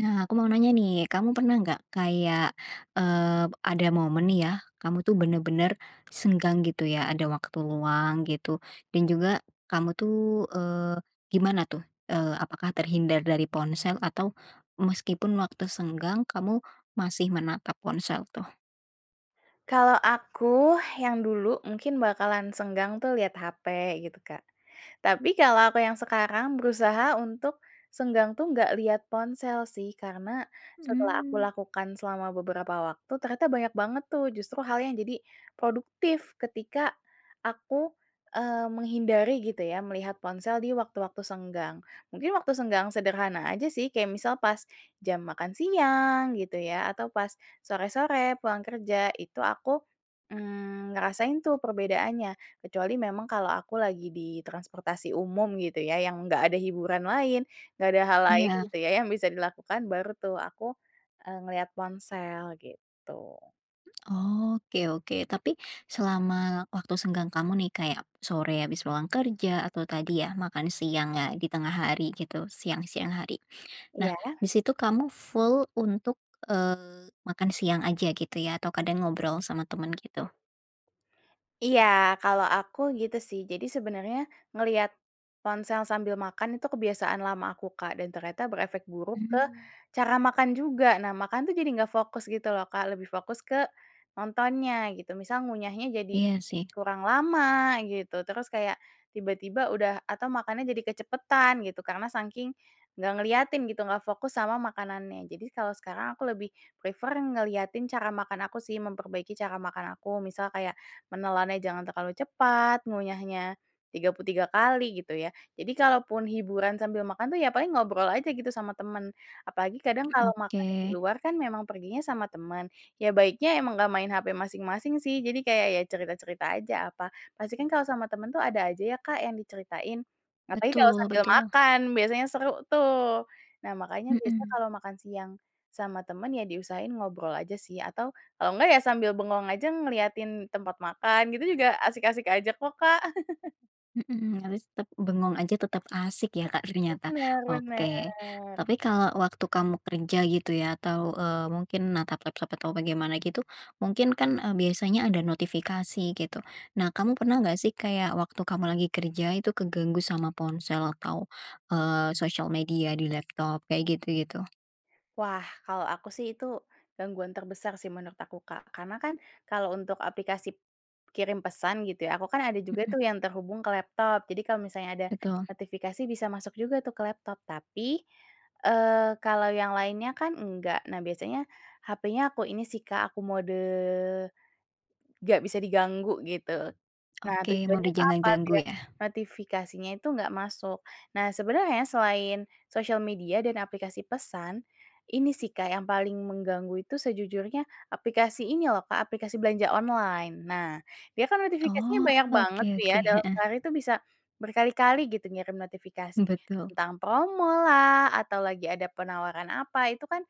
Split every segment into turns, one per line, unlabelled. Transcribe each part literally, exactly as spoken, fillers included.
Nah, aku mau nanya nih, kamu pernah nggak kayak, eee, b ada momen nih ya kamu tuh bener-bener senggang gitu ya, ada waktu luang gitu dan juga kamu tuh, eee, gimana tuh, eee, apakah terhindar dari ponsel atau meskipun waktu senggang kamu masih menatap ponsel tuh?
Kalau aku yang dulu mungkin bakalan senggang tuh lihat hape gitu, Kak. Tapi kalau aku yang sekarang berusaha untuk, senggang tuh nggak lihat ponsel sih, karena setelah aku
Mmm.
lakukan selama beberapa waktu ternyata banyak banget tuh justru hal yang jadi produktif ketika aku, eee, menghindari gitu ya melihat ponsel di waktu-waktu senggang. Mungkin waktu senggang sederhana aja sih kayak misal pas jam makan siang gitu ya atau pas sore-sore pulang kerja itu aku, mmm, ngerasain tuh perbedaannya kecuali memang kalau aku lagi di transportasi umum gitu ya yang gak ada hiburan lain, gak ada hal lain
Iya.
gitu ya yang bisa dilakukan baru tuh aku, eee, ngelihat ponsel gitu.
Oke oke, tapi selama waktu senggang kamu nih kayak sore habis pulang kerja atau tadi ya makan siangnya di tengah hari gitu, siang-siang hari, nah
Iya.
di situ kamu full untuk, eee, makan siang aja gitu ya atau kadang ngobrol sama temen gitu?
Iya, kalau aku gitu sih. Jadi sebenarnya ngelihat ponsel sambil makan itu kebiasaan lama aku, Kak, dan ternyata berefek buruk ke
Mmm.
cara makan juga. Nah, makan tuh jadi nggak fokus gitu loh, Kak, lebih fokus ke nontonnya gitu. Misal ngunyahnya jadi
Iya sih.
kurang lama gitu terus kayak tiba-tiba udah atau makannya jadi kecepatan gitu, karena sangking gak ngeliatin gitu gak fokus sama makanannya. Jadi kalau sekarang aku lebih prefer ngeliatin cara makan aku sih, memperbaiki cara makan aku misal kayak menelannya jangan terlalu cepat, ngunyahnya tiga puluh tiga kali gitu ya. Jadi kalaupun hiburan sambil makan tuh ya paling ngobrol aja gitu sama teman. Apalagi kadang
Mmm,
kalau makannya di
oke.
luar kan memang perginya sama temen, ya baiknya emang gak main hape masing-masing sih jadi kayak ya cerita-cerita aja apa, pasti kan kalau sama temen tuh ada aja ya, Kak, yang diceritain. Apalagi kalau
Betul
sambil
betul.
makan, biasanya seru tuh. Nah, makanya biasanya
Mhm.
kalau makan siang sama temen ya diusahain ngobrol aja sih atau kalau enggak ya sambil bengong aja ngeliatin tempat makan gitu juga asik-asik aja kok, Kak.
Mhm, realis tep bengong aja tetap asik ya, Kak, ternyata?
Bener
Oke,
bener.
tapi kalau waktu kamu kerja gitu ya atau, eee, mungkin natap laptop atau bagaimana gitu mungkin kan, eee, biasanya ada notifikasi gitu. Nah, kamu pernah gak sih kayak waktu kamu lagi kerja itu keganggu sama ponsel atau, eee, sosial media di laptop kayak gitu-gitu?
Wah, kalau aku sih itu gangguan terbesar sih menurut aku, Kak. Karena kan kalau untuk aplikasip kirim pesan gitu ya, aku kan ada juga tuh
Mhm.
yang terhubung ke laptop jadi kalau misalnya ada
Betul.
notifikasi bisa masuk juga tuh ke laptop, tapi, eee, kalau yang lainnya kan enggak, nah biasanya hapenya aku ini sih, Kak, aku mode nggak bisa diganggu gitu. Nah
Oke,
tujuannya
mode
itu
jangan
apa,
ganggu
biar
ya?
notifikasinya itu gak masuk. Nah sebenarnya selain sosial media dan aplikasi pesan, ini sih, Kak, yang paling mengganggu itu sejujurnya aplikasi ini loh, Kak, aplikasi belanja online. Nah, dia kan notifikasinya
Oh,
banyak banget
oke
tuh ya
oke,
dalam
heeh.
sehari itu bisa berkali-kali gitu ngirim notifikasi.
Betul.
Tentang promolah, atau lagi ada penawaran apa itu kan,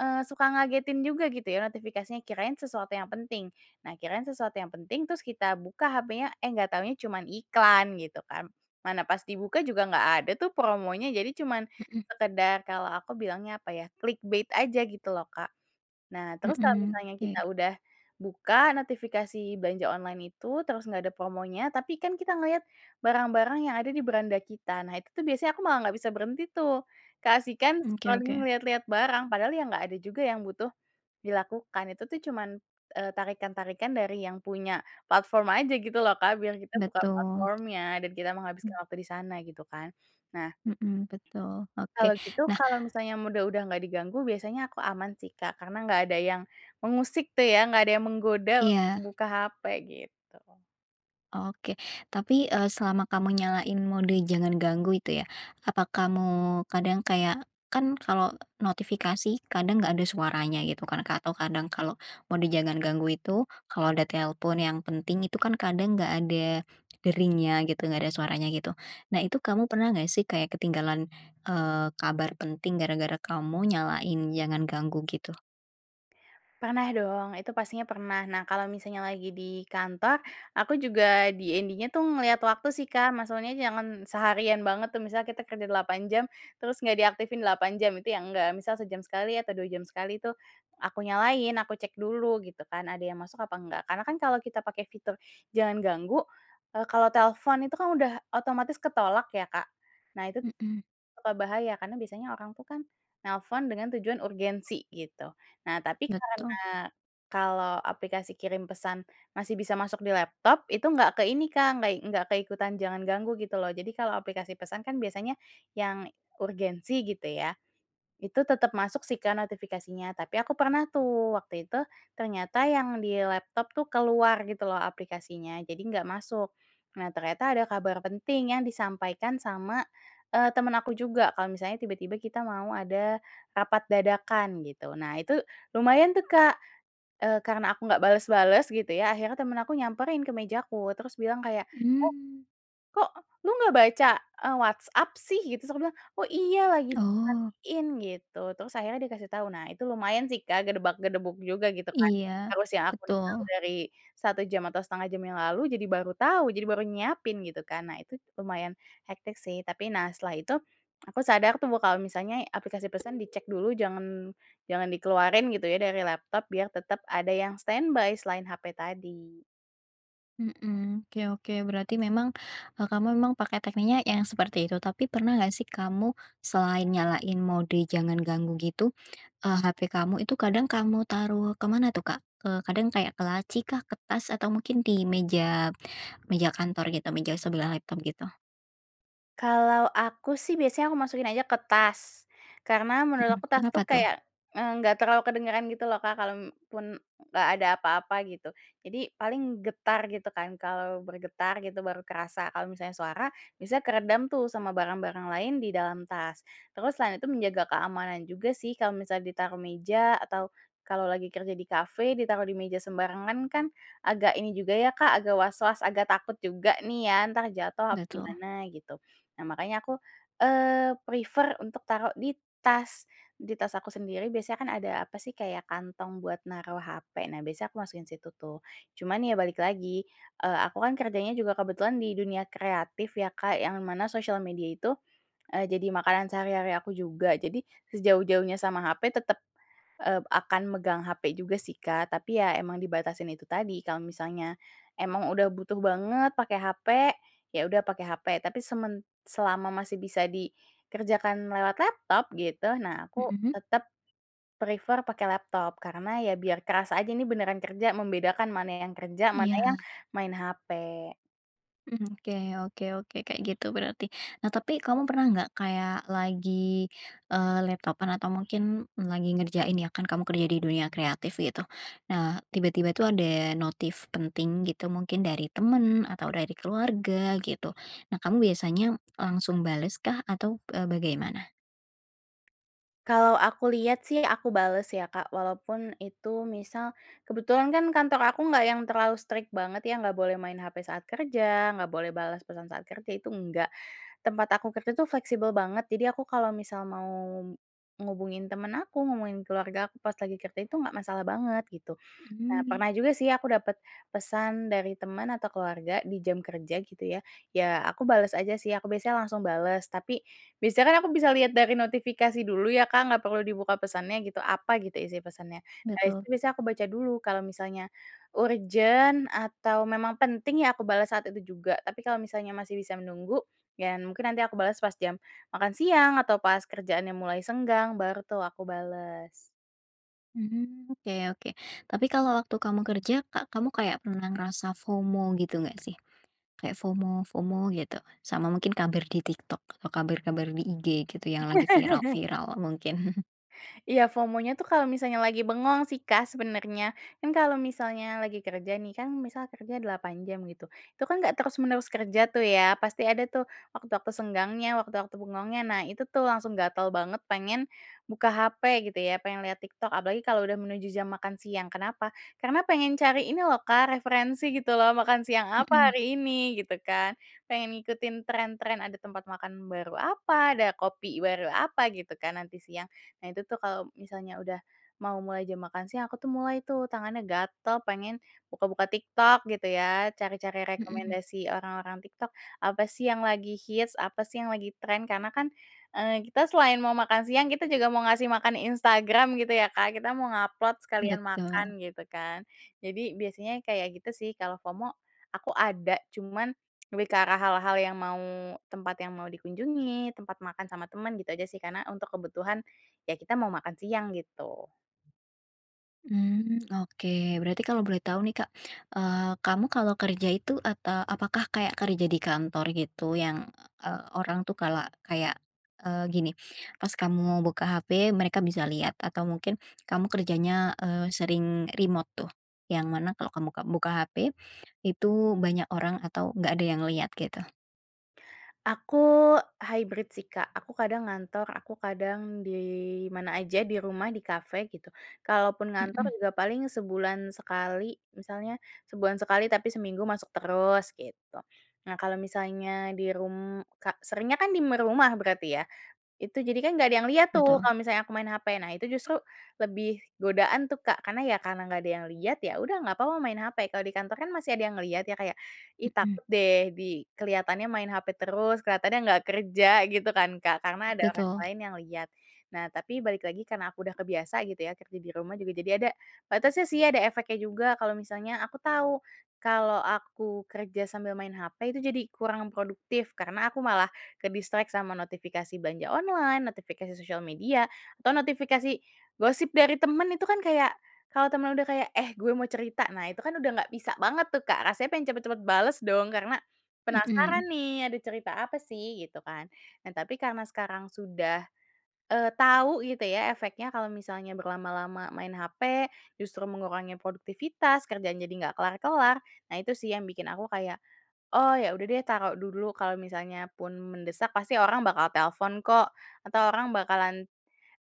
eee, suka ngagetin juga gitu ya notifikasinya kirain sesuatu yang penting. Nah, kirain sesuatu yang penting, terus kita buka hapenya, eh, nggak tahunya cuman iklan gitu kan. Mana pas dibuka juga nggak ada tuh promonya jadi cuman
Mhm.
sekedar kalau aku bilangnya apa ya, clickbait aja gitu loh, Kak. Nah terus kalau
Mhm,
misalnya
oke.
kita udah buka notifikasi belanja online itu, terus nggak ada promonya tapi kan kita ngelihat barang-barang yang ada di beranda kita. Nah itu tuh biasanya aku malah nggak bisa berhenti tuh, keasikan
Mmm, oke
scrolling
oke.
ngelihat-lihat barang. Padahal ya nggak ada juga yang butuh dilakukan itu tuh cuman, eee, tarikan-tarikan dari yang punya platform aja gitu loh, Kak, biar kita buka
Betul.
platform-nya dan kita menghabiskan
Hmm.
waktu di sana gitu kan. Nah,
Mhm, betul.
kalau
Oke,
gitu
nah
kalau misalnya mode udah nggak diganggu biasanya aku aman sih, Kak, karena nggak ada yang mengusik tuh ya, nggak ada yang menggoda untuk
Iya.
buka hape gitu.
Oke, tapi, eee, selama kamu nyalain mode jangan ganggu itu ya, apa kamu kadang kayak kan kalau notifikasi kadang gak ada suaranya gitu kan, ka atau kadang kalau mode jangan ganggu itu kalau ada telepon yang penting itu kan kadang nggak ada deringnya gitu, nggak ada suaranya gitu. Nah itu kamu pernah gak sih kayak ketinggalan, eee, kabar penting gara-gara kamu nyalain jangan ganggu gitu?
Pernah dong, itu pastinya pernah. Nah kalau misalnya lagi di kantor aku juga D-N-D tuh ngeliat waktu sih, Kak, maksudnya jangan seharian banget tuh misalnya kita kerja delapan jam terus gak diaktifin delapan jam itu ya enggak. Misal sejam sekali atau dua jam sekali tuh aku nyalain, aku cek dulu gitu kan ada yang masuk apa enggak karena kan kalau kita pakai fitur jangan ganggu, eee, kalau telepon itu kan udah otomatis ketolak ya, Kak, nah itu
Mhm.
suka bahaya karena biasanya orang itu kan nelfon dengan tujuan urgensi gitu. Nah tapi
Betul.
karena kalau aplikasi kirim pesan masih bisa masuk di laptop, itu enggak ke ini, Kak, nggak i enggak ke ikutan jangan ganggu gitu loh jadi kalau aplikasi pesan kan biasanya yang urgensi gitu ya, itu tetap masuk sih, Kak, notifikasinya. Tapi aku pernah tuh waktu itu ternyata yang di laptop tuh keluar gitu loh aplikasinya jadi nggak masuk. Nah ternyata ada kabar penting yang disampaikan sama, eee, temen aku juga kalau misalnya tiba-tiba kita mau ada rapat dadakan gitu. Nah itu lumayan tuh Kak, eee, karena aku nggak bales-bales gitu ya, akhirnya temen aku nyamperin ke meja aku terus bilang kayak, "Eh,
Mmm.
kok lo gak baca, eee, WhatsApp sih?" Gitu. Terus aku bilang, "Oh, iya, lagi
Oh.
dimatiin," gitu, terus akhirnya dia kasih tahu. Nah, itu lumayan sih Kak gedebak-gedebuk juga gitu kan.
Iya,
Harusnya aku udah tau
betul.
dari satu jam atau setengah jam yang lalu, jadi baru tahu, jadi baru nyiapin gitu kan, nah itu lumayan hektik sih tapi, nah setelah itu, aku sadar tuh kalau misalnya aplikasi pesan dicek dulu jangan jangan dikeluarin gitu ya dari laptop biar tetap ada yang standby selain hape tadi.
Mhm, oke oke berarti memang, eee, kamu memang pakai tekniknya yang seperti itu tapi pernah nggak sih kamu selain nyalain mode jangan ganggu gitu, eee, HP kamu itu kadang kamu taruh ke mana tuh Kak? Ke kadang kayak ke laci kah, ke tas, atau mungkin di meja meja kantor gitu meja sebelah laptop gitu?
Kalau aku sih biasanya aku masukin aja ke tas. Karena menurut
Mhm,
aku tas tuh
kenapa tuh?
kayak, eee, enggak terlalu kedengeran gitu loh, Kak, kalaupun enggak ada apa-apa gitu. Jadi paling getar gitu kan, kalau bergetar gitu baru kerasa kalau misalnya suara biasanya keredam tuh sama barang-barang lain di dalam tas. Terus selain itu menjaga keamanan juga sih, kalau misal ditaruh meja atau kalau lagi kerja di kafe, ditaruh di meja sembarangan kan agak ini juga ya, Kak, agak was-was, agak takut juga nih ya entar jatuh apa
Betul.
gimana gitu. Nah makanya aku, eee, prefer untuk taruh di tas. Di tas aku sendiri biasanya kan ada apa sih kayak kantong buat naruh hape, nah biasanya aku masukin situ tuh. Cuman ya balik lagi, eee, aku kan kerjanya juga kebetulan di dunia kreatif ya, Kak, yang mana sosial media itu, eee, jadi makanan sehari-hari aku juga, jadi sejauh-jauhnya sama hape tetap, eee, akan megang hape juga sih, Kak, tapi ya emang dibatasin itu tadi, kalau misalnya emang udah butuh banget pakai hape, ya udah pakai hape, tapi semen selama masih bisa dikerjakan lewat laptop gitu, nah aku
Mhm.
tetep prefer pakai laptop, karena ya biar kerasa aja ini beneran kerja, membedakan mana yang kerja mana yang
Iya.
main hape.
Mmm, oke oke oke, kayak gitu berarti. Nah tapi kamu pernah nggak kayak lagi, eee, laptop-an atau mungkin lagi ngerjain ya kan kamu kerja di dunia kreatif gitu, nah, tiba-tiba itu ada notif penting gitu mungkin dari temen atau dari keluarga gitu. Nah kamu biasanya langsung bales kah atau, eee, bagaimana?
Kalau aku lihat sih aku bales ya, Kak, walaupun itu misal kebetulan kan kantor aku gak yang terlalu strict banget ya, gak boleh main hape saat kerja, gak boleh balas pesan saat kerja, itu enggak. Tempat aku kerja itu fleksibel banget jadi aku kalau misal mau ngubungin temen aku, ngubungin keluarga aku pas lagi kerja itu gak masalah banget gitu. Nah
Mmm.
pernah juga sih aku dapet pesan dari teman atau keluarga di jam kerja gitu ya, ya aku bales aja sih, aku biasanya langsung bales, tapi biasanya kan aku bisa lihat dari notifikasi dulu ya, Kak, gak perlu dibuka pesannya gitu, apa gitu isi pesannya, nah itu
Betul.
biasanya aku baca dulu kalau misalnya urgen atau memang penting ya aku bales saat itu juga. Tapi kalau misalnya masih bisa menunggu, ya mungkin nanti aku bales pas jam makan siang, atau pas kerjaannya mulai senggang, baru tuh aku bales.
Mmm, oke oke. Tapi kalau waktu kamu kerja ka kamu kayak pernah ngerasa FOMO gitu nggak sih? Kayak FOMO-FOMO gitu, sama mungkin kabar di TikTok atau kabar-kabar di IG gitu yang lagi viral-viral mungkin?
Iya, FOMOnya tuh kalau misalnya lagi bengong sih, Kak, sebenarnya. Kan kalau misalnya lagi kerja nih kan misal kerja delapan jam gitu, itu kan enggak terus-menerus kerja tuh ya pasti ada tuh waktu-waktu senggangnya, waktu-waktu bengongnya. Nah itu tuh langsung gatel banget pengen buka hape gitu ya, pengen lihat TikTok apalagi kalau udah menuju jam makan siang. Kenapa? Karena pengen cari ini loh, Kak, referensi gitu loh makan siang apa
Mhm.
hari ini gitu kan, pengen ngikutin trend-trend ada tempat makan baru apa, ada kopi baru apa, gitu kan nanti siang. Nah itu tuh kalau misalnya udah mau mulai jam makan siang aku tuh mulai tuh tangannya gatal pengen buka-buka TikTok gitu ya cari-cari
Mhm.
rekomendasi orang-orang TikTok, apa sih yang lagi hits, apa sih yang lagi trend, karena kan, eee, kita selain mau makan siang kita juga mau ngasih makan Instagram gitu ya, Kak, kita mau nge-upload sekalian makan
Betul.
gitu kan. Jadi biasanya kayak gitu sih, kalau FOMO aku ada cuman lebih ke arah hal-hal yang mau, tempat yang mau dikunjungi, tempat makan sama teman gitu aja sih. Karena untuk kebutuhan, ya kita mau makan siang gitu.
Mmm, oke. Berarti kalau boleh tahu nih, Kak, eee, kamu kalau kerja itu ata apakah kayak kerja di kantor gitu yang, eee, orang tuh kala kayak, eee, gini, pas kamu buka HP mereka bisa lihat atau mungkin kamu kerjanya, eee, sering remote tuh yang mana kalau kamu ka buka HP, itu banyak orang atau enggak ada yang lihat gitu?
Aku hybrid sih, Kak, aku kadang ngantor, aku kadang di mana aja, di rumah, di kafe gitu. Kalaupun ngantor
Mhm.
juga paling sebulan sekali, misalnya sebulan sekali tapi seminggu masuk terus gitu. Nah kalau misalnya di rum ka seringnya kan di m rumah berarti ya, itu jadi kan gak ada yang liat tuh
Betul.
kalau misalnya aku main hape, nah itu justru lebih godaan tuh, Kak, karena ya karena gak ada yang lihat ya udah gak papa main hape. Kalau di kantor kan masih ada yang ngelihat ya kayak, "Ih,
Mhm.
takut deh di kelihatannya main hape terus, kelihatannya nggak kerja," gitu kan, Kak, karena ada orang
Betul.
lain yang lihat. Nah tapi balik lagi karena aku udah kebiasa gitu ya kerja di rumah, juga jadi ada batasnya sih, ada efeknya juga, kalau misalnya aku tahu kalau aku kerja sambil main hape itu jadi kurang produktif, karena aku malah kedistract sama notifikasi belanja online, notifikasi sosial media, atau notifikasi gosip dari temen itu kan kayak, kalau temen udah kayak, "Eh, gue mau cerita!" Nah itu kan udah gak bisa banget tuh, Kak, rasanya pengen cepet-cepet bales dong karena, penasaran
Mhm.
nih ada cerita apa sih, gitu kan. Nah tapi karena sekarang sudah, eee, tau gitu ya efeknya kalau misalnya berlama-lama main hape justru mengurangi produktivitas, kerjaan jadi nggak kelar-kelar, nah itu sih yang bikin aku kayak, oh, ya udah deh taruh dulu. Kalau misalnya pun mendesak pasti orang bakal telepon kok atau orang bakalan,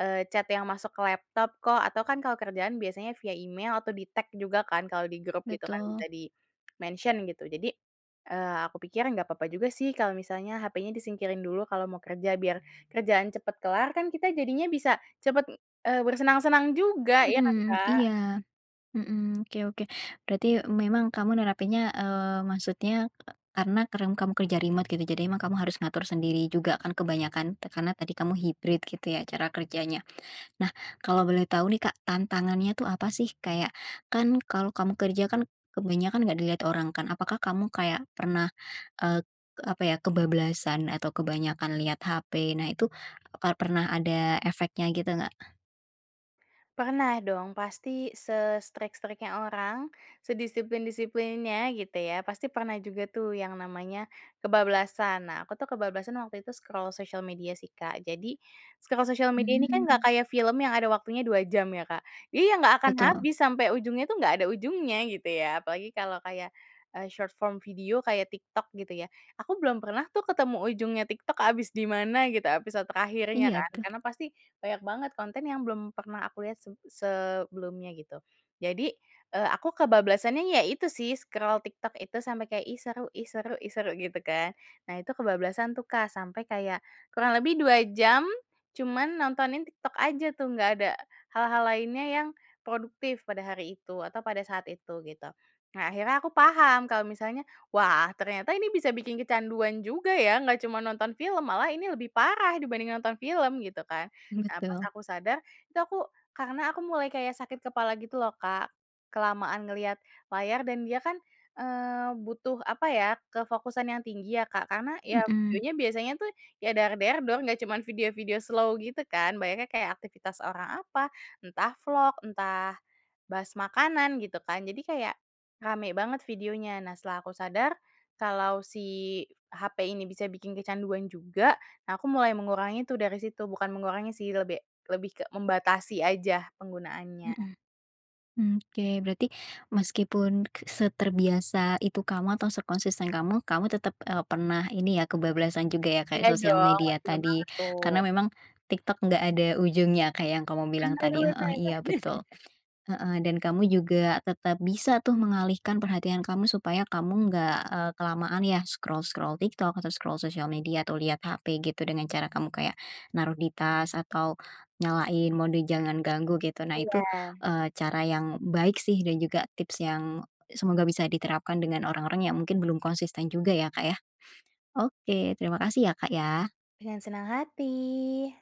eee, chat yang masuk ke laptop kok atau kan kalau kerjaan biasanya via email atau di-tag juga kan kalau di grup gitu kan
Betul.
bisa dimention gitu. Jadi, eee, aku pikir nggak papa juga sih kalau misalnya hapenya disingkirin dulu kalau mau kerja biar kerjaan cepet kelar kan kita jadinya bisa cepet, eee, bersenang-senang juga ya kan,
Mhm, iya,
Kak?
mhm, oke oke, berarti memang kamu nerapinnya, eee, maksudnya karena kadang kamu kerja remote gitu jadi emang kamu harus ngatur sendiri juga kan kebanyakan te karena tadi kamu hibrid gitu ya cara kerjanya? Nah, kalau boleh tahu nih, Kak, tantangannya tuh apa sih kayak kan kalau kamu kerja kan kebanyakan nggak dilihat orang kan, apakah kamu kayak pernah, eee, apa ya, kebablasan atau kebanyakan lihat HP, nah itu apa pernah ada efeknya gitu nggak?
Pernah dong pasti se-strict-strict-nya orang, sedisiplin-disiplinnya gitu ya, pasti pernah juga tuh yang namanya kebablasan. Nah aku tuh kebablasan waktu itu scroll sosial media sih, Kak. Jadi scroll sosial media ini kan nggak
Mmm.
kayak film yang ada waktunya dua jam ya, Kak. Jadi ya nggak akan
Betul.
habis sampai ujungnya tuh nggak ada ujungnya gitu ya, apalagi kalau kayak, eee, short form video kayak TikTok gitu ya, aku belum pernah tuh ketemu ujungnya TikTok habis di mana gitu episode terakhirnya
Iya
kan,
tuh.
karena pasti banyak banget konten yang belum pernah aku lihat seb sebelumnya gitu. Jadi, eee, aku kebablasannya ya itu sih scroll TikTok itu sampai kayak "Ih, seru ih, seru ih, seru," gitu kan. Nah itu kebablasan tuh, Kak, sampai kayak kurang lebih dua jam, cuman nontonin TikTok aja tuh, nggak ada hal-hal lainnya yang produktif pada hari itu atau pada saat itu gitu. Nah akhirnya aku paham kalau misalnya, wah, ternyata ini bisa bikin kecanduan juga ya, nggak cuma nonton film malah ini lebih parah dibanding nonton film gitu kan. Nah pas
Betul.
aku sadar, itu aku karena aku mulai kayak sakit kepala gitu loh, Kak, kelamaan ngelihat layar dan dia kan, eee, butuh apa ya kefokusan yang tinggi ya, Kak, karena ya
Mhm.
videonya biasanya tuh ya dar-der-dor nggak cuman video-video slow gitu kan, banyaknya kayak aktivitas orang apa entah vlog, entah bahas makanan gitu kan, jadi kayak rame banget videonya. Nah setelah aku sadar kalau si hape ini bisa bikin kecanduan juga, nah aku mulai mengurangi itu dari situ, bukan mengurangi sih lebih lebih ke membatasi aja penggunaannya.
Mhm. Mmm, oke, berarti meskipun seterbiasa itu kamu atau sekonsisten kamu, kamu tetap, eee, pernah ini ya kebablasan juga ya kayak
Iya
sosial
dong, wah,
media
gila
tadi.
banget
Karena
tuh.
memang TikTok enggak ada ujungnya kayak yang kamu bilang
Bener
tadi heeh, iya,
bener.
betul. Heeh, dan kamu juga tetap bisa tuh mengalihkan perhatian kamu supaya kamu nggak, eee, kelamaan ya scroll-scroll TikTok atau scroll sosial media atau liat HP gitu dengan cara kamu kayak naruh di tas atau nyalain mode jangan ganggu gitu, nah itu,
Iya.
eee, cara yang baik sih dan juga tips yang semoga bisa diterapkan dengan orang-orang yang mungkin belum konsisten juga ya, Kak, ya? Oke, terima kasih ya, Kak, ya.
Dengan senang hati.